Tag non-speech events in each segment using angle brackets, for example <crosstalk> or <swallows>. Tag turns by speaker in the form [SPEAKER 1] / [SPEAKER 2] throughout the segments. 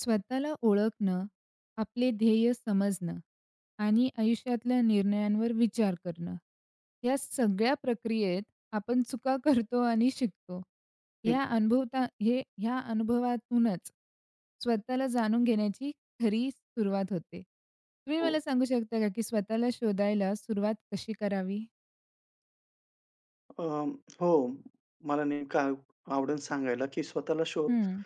[SPEAKER 1] स्वतःला ओळखणं, आपले ध्येय समजणं आणि आयुष्यातल्या निर्णयांवर विचार करणं, या सगळ्या प्रक्रियेत आपण चुका करतो आणि शिकतो. हे
[SPEAKER 2] हं, हं.
[SPEAKER 1] अनभवता, या अनुभवातूनच स्वतःला जाणून घेण्याची खरी सुरुवात होते. तुम्ही
[SPEAKER 2] हो.
[SPEAKER 1] मला सांगू शकता का, की स्वतःला शोधायला सुरुवात कशी करावी?
[SPEAKER 2] अ, हो, मला नेमकं आवडेल सांगायला, की स्वतःला शोध
[SPEAKER 1] हं.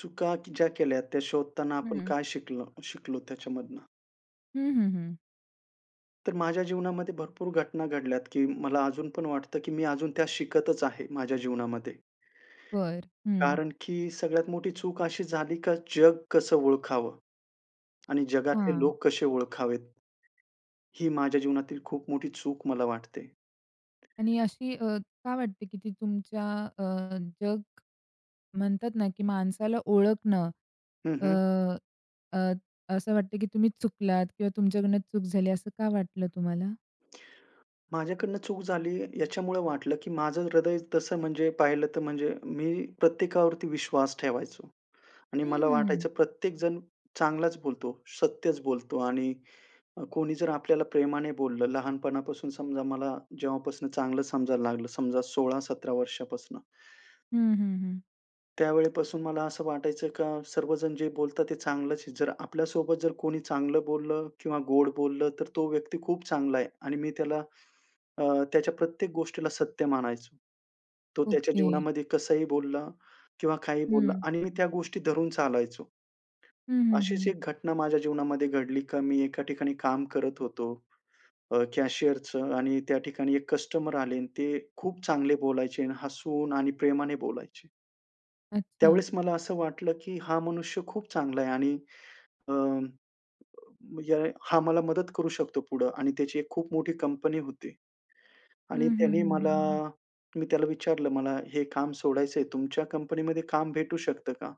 [SPEAKER 2] चुका ज्या केल्या, त्या शोधताना आपण
[SPEAKER 1] हं.
[SPEAKER 2] काय शिकलो शिकलो त्याच्यामधून?
[SPEAKER 1] हं, हं, हं.
[SPEAKER 2] तर माझ्या जीवनामध्ये भरपूर घटना घडल्यात, की मला अजून पण वाटतं, की मी अजून त्या शिकतच आहे, माझ्या जीवनामध्ये.
[SPEAKER 1] बरं, हं.
[SPEAKER 2] कारण की सगळ्यात मोठी चूक अशी झाली, का जग कसं ओळखावं? आणि जगातले
[SPEAKER 1] हां.
[SPEAKER 2] लोक कसे ओळखावेत? ही माझ्या जीवनातील खूप मोठी चूक मला वाटते.
[SPEAKER 1] आणि अशी अ, का वाटते की ती तुमच्या अ, जग म्हणतात ना, की माणसाला ओळखणं,
[SPEAKER 2] हं,
[SPEAKER 1] अ,
[SPEAKER 2] हं.
[SPEAKER 1] अ, असं वाटतं, की तुम्ही चुकलात किंवा तुमच्याकडून चूक झाली, असं का वाटलं तुम्हाला?
[SPEAKER 2] माझ्याकडनं चूक झाली, याच्यामुळं वाटलं, की माझं हृदय तसं म्हणजे पाहिलं तर, म्हणजे मी प्रत्येकावरती विश्वास ठेवायचो आणि
[SPEAKER 1] हं,
[SPEAKER 2] मला
[SPEAKER 1] हं, हं.
[SPEAKER 2] वाटायचं, प्रत्येकजण चांगलंच बोलतो, सत्यचं बोलतो आणि अ, कोणी जर आपल्याला प्रेमाने बोललं, लहानपणापासून समजा मला जेव्हापासून चांगलं समजायला लागलं, समजा 16-17 वर्षापासून.
[SPEAKER 1] हं, हं, हं.
[SPEAKER 2] त्यावेळेपासून मला असं वाटायचं, का सर्वजण जे बोलतात, ते चांगलंच आहे. जर आपल्या सोबत जर कोणी चांगलं बोललं किंवा गोड बोललं, तर तो व्यक्ती खूप चांगला आहे आणि मी त्याला, अ, त्याच्या प्रत्येक गोष्टीला सत्य मानायचो. तो त्याच्या
[SPEAKER 1] ओके.
[SPEAKER 2] जीवनामध्ये कसंही बोलला किंवा काहीही बोलला
[SPEAKER 1] हं.
[SPEAKER 2] आणि मी त्या गोष्टी धरून चालायचो.
[SPEAKER 1] हं, हं,
[SPEAKER 2] अशीच
[SPEAKER 1] हं.
[SPEAKER 2] एक घटना माझ्या जीवनामध्ये घडली, का मी एका ठिकाणी काम करत होतो, अ, कॅशियरचं आणि त्या ठिकाणी एक कस्टमर आले आणि ते खूप चांगले बोलायचे आणि हसून आणि प्रेमाने बोलायचे.
[SPEAKER 1] अच्छा.
[SPEAKER 2] त्यावेळेस मला असं वाटलं, की हां, मनुष्य खूप चांगला आहे आणि अ, येळे हा मला मदत करू शकतो पुढं आणि त्याची एक खूप मोठी कंपनी होती.
[SPEAKER 1] हं,
[SPEAKER 2] आणि
[SPEAKER 1] हं,
[SPEAKER 2] त्याने
[SPEAKER 1] हं, हं,
[SPEAKER 2] मला
[SPEAKER 1] हं.
[SPEAKER 2] मी त्याला विचारलं, "मला हे काम सोडायचंय, तुमच्या कंपनीमध्ये काम भेटू शकतं का?"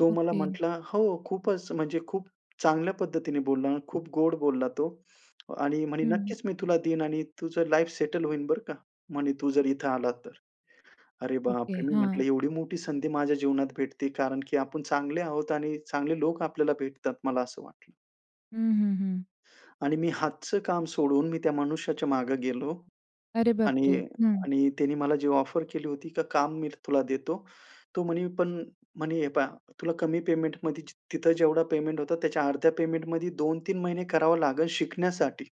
[SPEAKER 2] तो मला
[SPEAKER 1] ओके.
[SPEAKER 2] म्हंटला, "हो." खूपच, म्हणजे खूप चांगल्या पद्धतीने बोलला, खूप गोड बोलला तो आणि म्हणे,
[SPEAKER 1] हं.
[SPEAKER 2] "नक्कीच मी तुला देईन आणि तुझं लाईफ सेटल होईल, बरं का, म्हणे तू जर इथे आलात तर." अरे
[SPEAKER 1] ओके,
[SPEAKER 2] बापरे, मी
[SPEAKER 1] हां.
[SPEAKER 2] म्हंटलं, "एवढी मोठी संधी माझ्या जीवनात भेटते, कारण की आपण चांगले आहोत आणि चांगले लोक आपल्याला भेटतात." मला असं वाटलं.
[SPEAKER 1] हं, हं, हं.
[SPEAKER 2] आणि मी हातच काम सोडून, मी त्या मनुष्याच्या मागं गेलो.
[SPEAKER 1] अरे, बापरे!
[SPEAKER 2] आणि
[SPEAKER 1] हं.
[SPEAKER 2] आणि त्यानी मला जी ऑफर केली होती, का काम मी तुला देतो. तो म्हणी पण म्हणी, "हे पहा, तुला कमी पेमेंटमध्ये जी तिथं जेवढं पेमेंट होता, त्याच्या अर्ध्या पेमेंटमध्ये 2-3 महिने करावं लागेल, शिकण्यासाठी."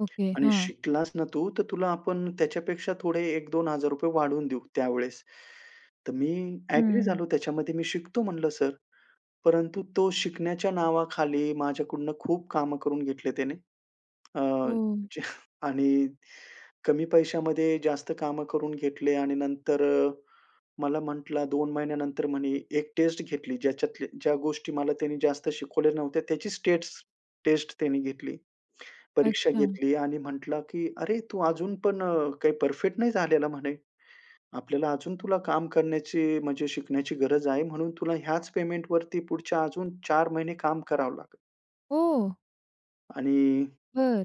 [SPEAKER 1] ओके.
[SPEAKER 2] "आणि
[SPEAKER 1] हां.
[SPEAKER 2] शिकलास ना तू, तर तुला आपण त्याच्यापेक्षा थोडे ₹1000-₹2000 वाढवून देऊ, त्यावेळेस." तर मी ॲग्री झालो
[SPEAKER 1] हं.
[SPEAKER 2] त्याच्यामध्ये, मी शिकतो म्हणलं सर. परंतु तो शिकण्याच्या नावाखाली माझ्याकडून खूप कामं करून घेतले त्याने, अ,
[SPEAKER 1] हो.
[SPEAKER 2] जे आणि कमी पैशामध्ये जास्त कामं करून घेतले. आणि नंतर अ, मला म्हटला, 2 महिन्यानंतर म्हणे एक टेस्ट घेतली, ज्याच्यातल्या ज्या गोष्टी मला त्याने जास्त शिकवल्या नव्हत्या, त्याचीच स्टेट्स टेस्ट त्यांनी घेतली, परीक्षा
[SPEAKER 1] अच्छा.
[SPEAKER 2] घेतली आणि म्हटला, की "अरे, तू अजून पण अ, काही परफेक्ट नाही झालेला," म्हणे. "आपल्याला अजून तुला काम करण्याची, म्हणजे शिकण्याची गरज आहे, म्हणून तुला ह्याच पेमेंटवरती पुढच्या अजून 4 महिने काम करावं लागेल."
[SPEAKER 1] ओह!
[SPEAKER 2] आणि.
[SPEAKER 1] बरं.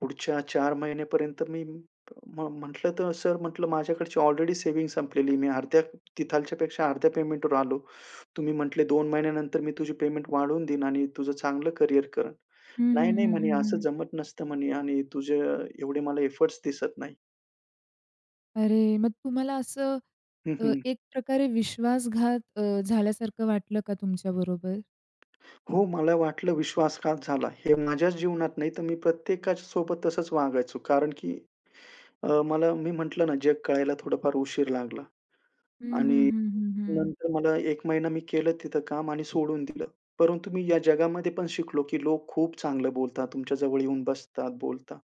[SPEAKER 2] पुढच्या 4 महिन्यापर्यंत मी म्ह म्हटलं, तर, "सर" म्हंटलं, "माझ्याकडची ऑलरेडी सेव्हिंग संपलेली. मी अर्ध्या तिथल्यापेक्षा अर्ध्या पेमेंटवर आलो. तुम्ही म्हटले, "2 महिन्यानंतर मी तुझी पेमेंट वाढवून देईन आणि तुझं चांगलं करियर करेन.'"
[SPEAKER 1] हं, हं,
[SPEAKER 2] "नाही, नाही,"
[SPEAKER 1] हं,
[SPEAKER 2] म्हणे,
[SPEAKER 1] हं,
[SPEAKER 2] "असं
[SPEAKER 1] हं.
[SPEAKER 2] जमत नसतं" म्हणे, "आणि तुझे एवढे मला एफोर्ट्स दिसत नाही."
[SPEAKER 1] अरे, मग तुम्हाला असं
[SPEAKER 2] हं,
[SPEAKER 1] अ,
[SPEAKER 2] हं.
[SPEAKER 1] एक प्रकारे विश्वासघात अ, झाल्यासारखं वाटलं का तुमच्याबरोबर?
[SPEAKER 2] हो, मला वाटलं, विश्वासघात झाला, हे माझ्याच जीवनात नाही, तर मी प्रत्येकाच्या सोबत तसंच वागायचो, कारण की अ, मला मी म्हंटलं ना, जग कळायला थोडा-फार उशीर लागला.
[SPEAKER 1] हं, हं,
[SPEAKER 2] आणि
[SPEAKER 1] हं, हं, हं.
[SPEAKER 2] नंतर मला, 1 महिना मी केलं तिथं काम आणि सोडून दिलं. परंतु मी या जगामध्ये पण शिकलो, की लोक खूप चांगलं बोलतात, तुमच्या जवळ येऊन बसतात, बोलतात,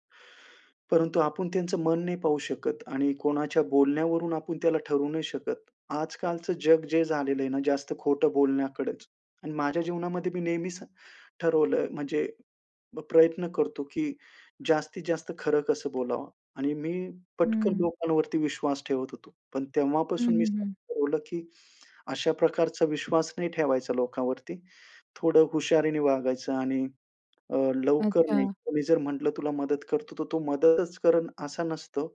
[SPEAKER 2] परंतु आपण त्यांचं मन नाही पाहू शकत आणि कोणाच्या बोलण्यावरून आपण त्याला ठरवू नाही शकत. आजकालचं जग जे झालेलं आहे ना, जास्त खोटं बोलण्याकडेच आणि माझ्या जीवनामध्ये मी नेहमीच ठरवलंय, म्हणजे, प्रयत्न करतो, की जास्तीत जास्त खरं कसं बोलावं आणि मी पटकन
[SPEAKER 1] हं.
[SPEAKER 2] लोकांवरती विश्वास ठेवत होतो, पण
[SPEAKER 1] हं,
[SPEAKER 2] तेव्हापासून मी
[SPEAKER 1] हं, हं.
[SPEAKER 2] ठरवलं, की अशा प्रकारचा विश्वास नाही ठेवायचा लोकांवरती, थोडं हुशारीने वागायचं आणि अ, लवकर नाही.
[SPEAKER 1] अच्छा.
[SPEAKER 2] कोणी जर म्हटलं, तुला मदत करतो, तर तो मदतच करल, असा नसतो,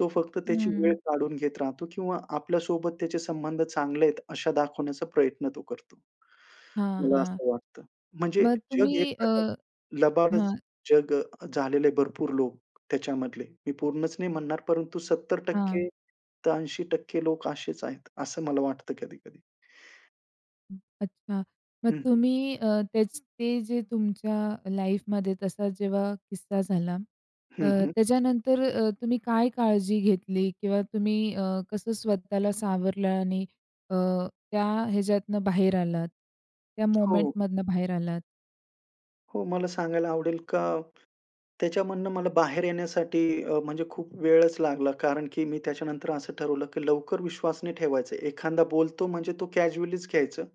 [SPEAKER 2] तो फक्त त्याची वेळ
[SPEAKER 1] हं.
[SPEAKER 2] काढून घेत राहतो किंवा आपल्या सोबत त्याचे संबंध चांगले आहेत, अशा दाखवण्याचा प्रयत्न तो करतो.
[SPEAKER 1] हां,
[SPEAKER 2] मला
[SPEAKER 1] हां.
[SPEAKER 2] असं वाटतं, म्हणजे
[SPEAKER 1] मग
[SPEAKER 2] जग एक
[SPEAKER 1] तुम्ही अ
[SPEAKER 2] प्रकारचं लबाडच
[SPEAKER 1] हां.
[SPEAKER 2] जग झालेले, भरपूर लोक त्याच्यामधले, मी पूर्णच नाही म्हणणार, परंतु सत्तर
[SPEAKER 1] हां.
[SPEAKER 2] टक्के तर 80% लोक असेच आहेत, असं मला वाटतं कधी-कधी.
[SPEAKER 1] हं, अच्छा. मग
[SPEAKER 2] हं, हं.
[SPEAKER 1] तुम्ही अ, तेचं, ते जे तुमच्या लाइफमध्ये तसा जेव्हा किस्सा झाला, अ,
[SPEAKER 2] हं, हं.
[SPEAKER 1] त्याच्यानंतर अ, तुम्ही काय काळजी घेतली किंवा तुम्ही अ, कसं स्वतःला सावरलं आणि अ, त्या ह्याच्यातनं बाहेर आलात? त्या
[SPEAKER 2] हो.
[SPEAKER 1] मोमेंटमधनं बाहेर आलात?
[SPEAKER 2] हो, मला सांगायला आवडेल का, त्याच्यामधनं मला बाहेर येण्यासाठी अ, म्हणजे खूप वेळच लागला, कारण की मी त्याच्यानंतर, असं ठरवलं की लवकर विश्वास नाही ठेवायचं. एखांदा बोलतो म्हणजे तो कॅज्युअलीच घ्यायचं,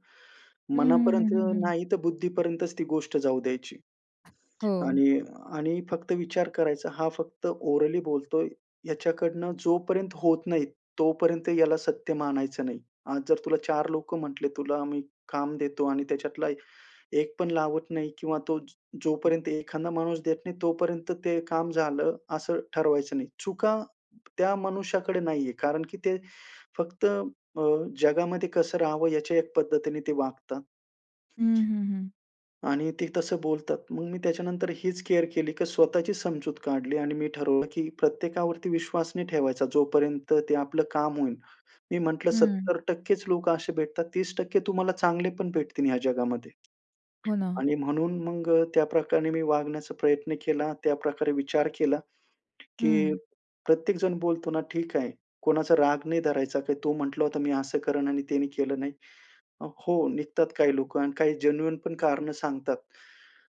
[SPEAKER 1] हं, हं, हं,
[SPEAKER 2] मनापर्यंत
[SPEAKER 1] हं, हं.
[SPEAKER 2] नाहीतर, बुद्धीपर्यंतच ती गोष्ट जाऊ द्यायची.
[SPEAKER 1] हो.
[SPEAKER 2] आणि आणि फक्त विचार करायचा, हा फक्त ओरली बोलतो आहे, ह्याच्याकडनं जोपर्यंत होत नाही, तोपर्यंत याला सत्य मानायचं नाही. आज जर तुला चार लोकं म्हंटले, तुला आम्ही काम देतो आणि त्याच्यातला एक पण लावत नाही किंवा तो, जोपर्यंत एखादा माणूस देत नाही, तोपर्यंत ते काम झालं असं ठरवायचं नाही. चुका, त्या मनुष्याकडे नाही आहे, कारण की ते फक्त अ, जगामध्ये कसं राहावं याच्या एक पद्धतीने ते वागता.
[SPEAKER 1] हं, हं, हं.
[SPEAKER 2] आणि ते तसं बोलतात. मग मी त्याच्यानंतर हीच केअर केली, की स्वतःची समजूत काढली आणि मी ठरवलं की प्रत्येकावरती विश्वास नाही ठेवायचा. जोपर्यंत ते आपलं काम होईल. मी म्हंटलं,
[SPEAKER 1] हं.
[SPEAKER 2] 70%च लोक असे भेटतात, 30% तुम्हाला चांगले पण, भेटतील ह्या जगामध्ये.
[SPEAKER 1] हो, ना.
[SPEAKER 2] आणि म्हणून मग अ, त्याप्रकारे मी वागण्याचा प्रयत्न केला त्याप्रकारे विचार केला, की
[SPEAKER 1] हं.
[SPEAKER 2] प्रत्येक जण बोलतो ना, "ठीक आहे, कोणाचा राग नाही धरायचा काय" तो म्हंटला होता, मी असं करेन आणि ते केलं नाही. अ, हो निघतात काही लोकं आणि काही जेन्युइनपण कारणं सांगतात.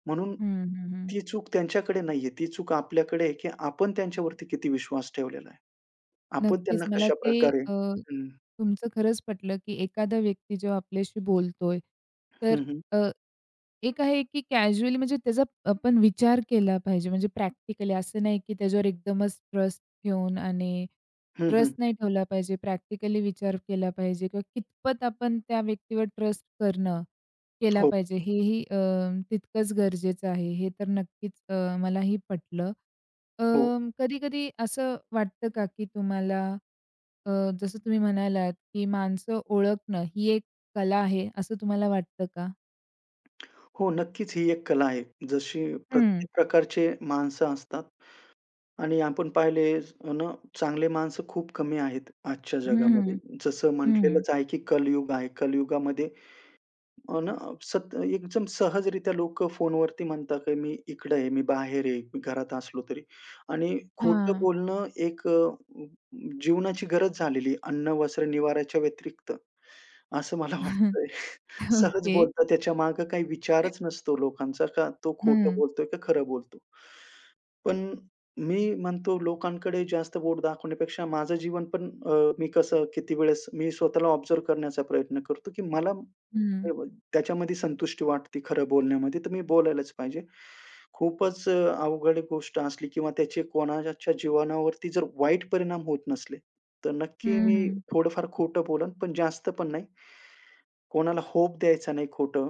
[SPEAKER 2] म्हणून
[SPEAKER 1] हं, हं, हं.
[SPEAKER 2] ती चूक त्यांच्याकडे नाही आहे, ती चूक आपल्याकडे आहे, की आपण त्यांच्यावरती किती विश्वास ठेवलेला आहे. आपण
[SPEAKER 1] नक्कीच.
[SPEAKER 2] त्यांना
[SPEAKER 1] मला ते
[SPEAKER 2] कशाप्रकारे
[SPEAKER 1] अ,
[SPEAKER 2] हं.
[SPEAKER 1] तुमचं खरंच पटलं, की एखादा व्यक्ती जेव्हा आपल्याशी बोलतो आहे, तर
[SPEAKER 2] हं, हं.
[SPEAKER 1] अ, एक आहे की कॅज्युअली म्हणजे त्याचा आपण विचार केला पाहिजे, म्हणजे प्रॅक्टिकली असं नाही की त्याच्यावर एकदमच ट्रस्ट ठेऊन आणि
[SPEAKER 2] हं,
[SPEAKER 1] ट्रस्ट
[SPEAKER 2] हं.
[SPEAKER 1] नाही ठेवला पाहिजे. प्रॅक्टिकली विचार केला पाहिजे किंवा कितपत आपण त्या व्यक्तीवर ट्रस्ट करणं केला
[SPEAKER 2] हो.
[SPEAKER 1] पाहिजे हेही अ, तितकंच गरजेचं आहे, हे तर नक्कीच अ, मलाही पटलं. अ,
[SPEAKER 2] हो.
[SPEAKER 1] कधी-कधी असं वाटतं का, की तुम्हाला अ, जसं तुम्ही म्हणालात की माणसं ओळखणं ही एक कला आहे, असं तुम्हाला वाटतं का?
[SPEAKER 2] हो. नक्कीच. ही एक कला आहे. जशी
[SPEAKER 1] हं.
[SPEAKER 2] प्रत्येक प्रकारचे माणसं असतात आणि आपण पाहिले अन चांगले माणसं खूप कमी आहेत आजच्या
[SPEAKER 1] हं,
[SPEAKER 2] जगामध्ये.
[SPEAKER 1] हं,
[SPEAKER 2] जसं
[SPEAKER 1] हं.
[SPEAKER 2] म्हटलेलंच आहे, की कलयुग आहे, कलयुगामध्ये अन सत एकदम सहजरीत्या लोकं फोनवरती म्हणतात, की मी इकडं आहे, मी बाहेर आहे, मी घरात असलो तरी आणि खोटं
[SPEAKER 1] हां.
[SPEAKER 2] बोलणं एक अ, अ, अ, जीवनाची गरज झालेली आहे. अन्न, वस्त्र, निवार्‍याच्या व्यतिरिक्त असं मला
[SPEAKER 1] <laughs>
[SPEAKER 2] वाटतंय. सहज
[SPEAKER 1] ओके.
[SPEAKER 2] बोलतात, त्याच्यामागे काही
[SPEAKER 1] <chuckles>
[SPEAKER 2] विचारच नसतो लोकांचा का तो खोटं
[SPEAKER 1] हं.
[SPEAKER 2] बोलतोय? का खरं बोलतोय? पण मी म्हणतो, लोकांकडे जास्त बोट दाखवण्यापेक्षा माझं जीवन पण, अ, मी कसं किती वेळेस मी स्वतःला ऑब्झर्व्ह करण्याचा प्रयत्न करतो, की मला
[SPEAKER 1] हं.
[SPEAKER 2] स्टेबल त्याच्यामध्ये संतुष्टी वाटते खरं बोलण्यामध्ये. तर मी बोलायलाच पाहिजे. खूपच अ, अवघड गोष्ट असली किंवा त्याचे कोणाच्या जीवनावरती जर वाईट परिणाम होत नसले, तर
[SPEAKER 1] हं,
[SPEAKER 2] नक्की मी
[SPEAKER 1] हं.
[SPEAKER 2] थोडंफार खोटं बोलेन, पण जास्त पण नाही. कोणाला होप द्यायचा नाही खोटं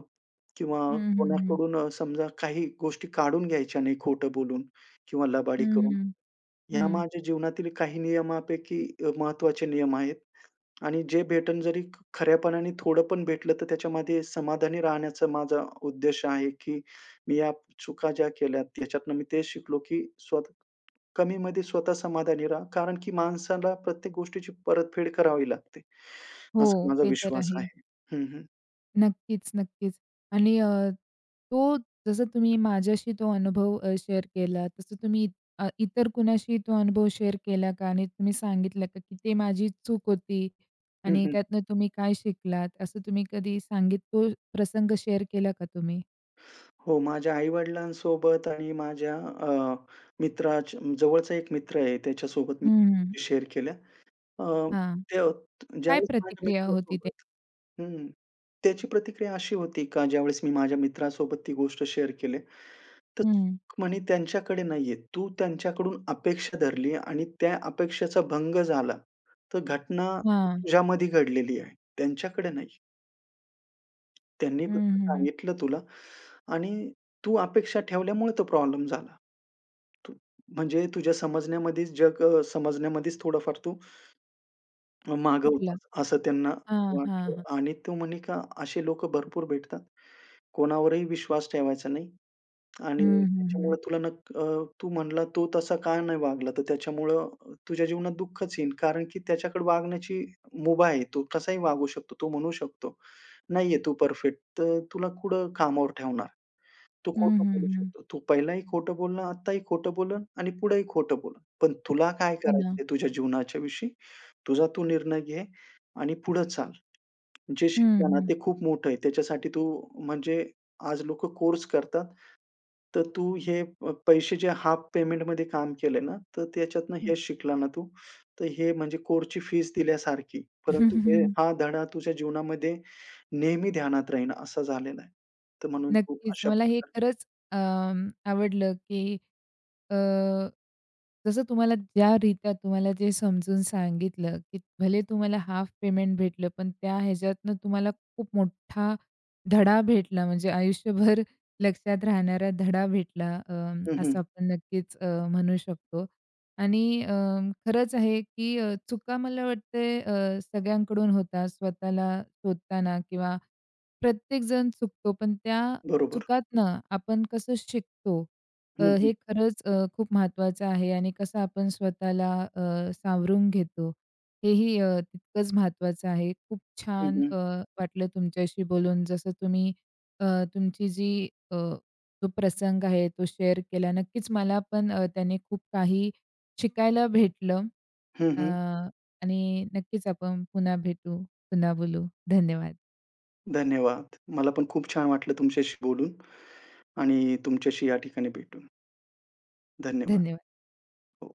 [SPEAKER 2] किंवा
[SPEAKER 1] हं, हं, हं.
[SPEAKER 2] कोणाकडून अ, समजा काही गोष्टी काढून घ्यायच्या नाही खोटं बोलून किंवा
[SPEAKER 1] हं,
[SPEAKER 2] लबाडी करून.
[SPEAKER 1] हं,
[SPEAKER 2] ह्या
[SPEAKER 1] हं.
[SPEAKER 2] माझ्या जीवनातील काही नियमांपैकी अ, महत्त्वाचे नियम आहेत. आणि जे भेटलं जरी खऱ्यापणाने थोडं पण भेटलं, तर त्याच्यामध्ये समाधानी राहण्याचा माझा उद्देश आहे, की मी या चुका ज्या केल्यात याच्यातून मी तेच शिकलो, की स्वतः कमीमध्ये स्वतः समाधानी रहा. कारण की माणसाला प्रत्येक गोष्टीची परतफेड करावी लागते. असा
[SPEAKER 1] हो.
[SPEAKER 2] माझा
[SPEAKER 1] ते तर
[SPEAKER 2] विश्वास
[SPEAKER 1] आहे.
[SPEAKER 2] आहे. हं, हं.
[SPEAKER 1] नक्कीच, नक्कीच.आणि अ, तो जसं तुम्ही माझ्याशी तो अनुभव अ, शेअर केलात, तसं तुम्ही अ, इतर कुणाशी तो अनुभव शेअर केला का? आणि तुम्ही सांगितलं का की ते माझी चूक होती
[SPEAKER 2] हं.
[SPEAKER 1] आणि
[SPEAKER 2] हं.
[SPEAKER 1] त्यातनं तुम्ही काय शिकलात? असं तुम्ही कधी सांगी तो प्रसंग शेअर केला का तुम्ही?
[SPEAKER 2] हो, माझ्या आई-वडिलांसोबत आणि माझ्या अ, मित्राच्या जवळचा एक मित्र आहे, त्याच्यासोबत मी
[SPEAKER 1] हं, हं.
[SPEAKER 2] शेअर केल्या. अ,
[SPEAKER 1] हां.
[SPEAKER 2] <unintelligible>
[SPEAKER 1] काय
[SPEAKER 2] ज्यावेळेस माझ्या
[SPEAKER 1] प्रतिक्रिया होती ते?
[SPEAKER 2] मित्रासोबत हं, त्याची प्रतिक्रिया अशी होती का ज्यावेळेस मी माझ्या मित्रासोबत ती गोष्ट शेअर केली, तर
[SPEAKER 1] हं.
[SPEAKER 2] सुख म्हणे त्यांच्याकडे नाहीये. तू त्यांच्याकडून अपेक्षा धरली आणि त्या अपेक्षेचा भंग झाला, तर घटना
[SPEAKER 1] हां.
[SPEAKER 2] तुझ्यामध्ये घडलेली आहे, त्यांच्याकडे नाही. त्यांनी
[SPEAKER 1] हं,
[SPEAKER 2] फक्त
[SPEAKER 1] हं, हं.
[SPEAKER 2] सांगितलं तुला आणि तू अपेक्षा ठेवल्यामुळे तो प्रॉब्लेम झाला. तू म्हणजे तुझ्या समजण्यामध्येच जग समजण्यामध्येच थोडंफार तू, <swallows> माग
[SPEAKER 1] कुठला?
[SPEAKER 2] होतास असं त्यांना
[SPEAKER 1] हां, हां,
[SPEAKER 2] वाटलं.
[SPEAKER 1] हां.
[SPEAKER 2] आणि तू म्हणे का, असे लोकं भरपूर भेटतात. कोणावरही विश्वास ठेवायचा नाही.
[SPEAKER 1] हं,
[SPEAKER 2] आणि
[SPEAKER 1] हं, हं.
[SPEAKER 2] त्याच्यामुळे तुला न अ, तू म्हणाला तो तसा काय नाही वागला, तर त्याच्यामुळं तुझ्या जीवनात दुःखच येईल. कारण की त्याच्याकडे वागण्याची मुभा आहे. तो कसाही वागू शकतो. तो म्हणू शकतो, नाहीये तू परफेक्ट, तर तुला कुठं कामावर ठेवणार? तू
[SPEAKER 1] हं,
[SPEAKER 2] खोटं
[SPEAKER 1] हं,
[SPEAKER 2] बोलू
[SPEAKER 1] हं.
[SPEAKER 2] शकतोस. तू पहिलंही खोटं बोलणं, आत्ताही खोटं बोललं आणि पुढंही खोटं बोल. पण तुला काय
[SPEAKER 1] हो ना.
[SPEAKER 2] करायचंय तुझ्या जीवनाच्या विषयी, तुझा तू निर्णय घे आणि पुढं चाल. जे
[SPEAKER 1] हं,
[SPEAKER 2] शिकलं ना,
[SPEAKER 1] हं.
[SPEAKER 2] ते खूप मोठं आहे. त्याच्यासाठी तू म्हणजे आज लोकं कोर्स करतात. तर तू हे पैसे जे हाफ पेमेंटमध्ये काम केले ना, तर त्याच्यातून
[SPEAKER 1] हं.
[SPEAKER 2] हेच शिकला ना तू. तर हे म्हणजे कोर्सची फीज दिल्यासारखी. परंतु हे
[SPEAKER 1] <chuckles>
[SPEAKER 2] हा धडा तुझ्या जीवनामध्ये नेहमी ध्यानात राहील असं झालेलं आहे. तर म्हणून खूप
[SPEAKER 1] नक्कीच.
[SPEAKER 2] अशा
[SPEAKER 1] मला हे
[SPEAKER 2] प्रकारे
[SPEAKER 1] खरंच अं, आवडलं की अ, जसं तुम्हाला ज्या रीत्या तुम्हाला ते समजून सांगितलं, की भले तुम्हाला हाफ पेमेंट भेटलं. पण त्या ह्याच्यातनं तुम्हाला खूप मोठा धडा भेटला म्हणजे आयुष्यभर लक्षात राहणारा धडा भेटला. अं,
[SPEAKER 2] हं, हं.
[SPEAKER 1] असं आपण नक्कीच अ, म्हणू शकतो आणि अं, खरंच आहे की चुका मला वाटते अ, सगळ्यांकडून होतात स्वतःला शोधताना किंवा प्रत्येक जण चुकतो. पण त्या
[SPEAKER 2] बरोबर.
[SPEAKER 1] चुकातनं आपण कसं शिकतो अ,
[SPEAKER 2] हं,
[SPEAKER 1] हे
[SPEAKER 2] हं.
[SPEAKER 1] खरंच अ, खूप महत्त्वाचं आहे आणि कसं आपण स्वतःला अ, सावरून घेतो हेही अ, तितकंच महत्त्वाचं आहे. खूप
[SPEAKER 2] हं,
[SPEAKER 1] छान
[SPEAKER 2] हं.
[SPEAKER 1] अ, वाटलं तुमच्याशी बोलून. जसं तुम्ही अ, तुमची जी अ, तो प्रसंग आहे, तो शेअर केला. नक्कीच मला पण अ, त्याने खूप काही शिकायला भेटलं
[SPEAKER 2] हं, हं.
[SPEAKER 1] आणि अ, नक्कीच आपण पुन्हा भेटू, पुन्हा बोलू, धन्यवाद.
[SPEAKER 2] धन्यवाद. मला पण खूप छान वाटलं तुमच्याशी बोलून आणि तुमच्याशी या ठिकाणी भेटून. धन्यवाद.
[SPEAKER 1] धन्यवाद.
[SPEAKER 2] हो.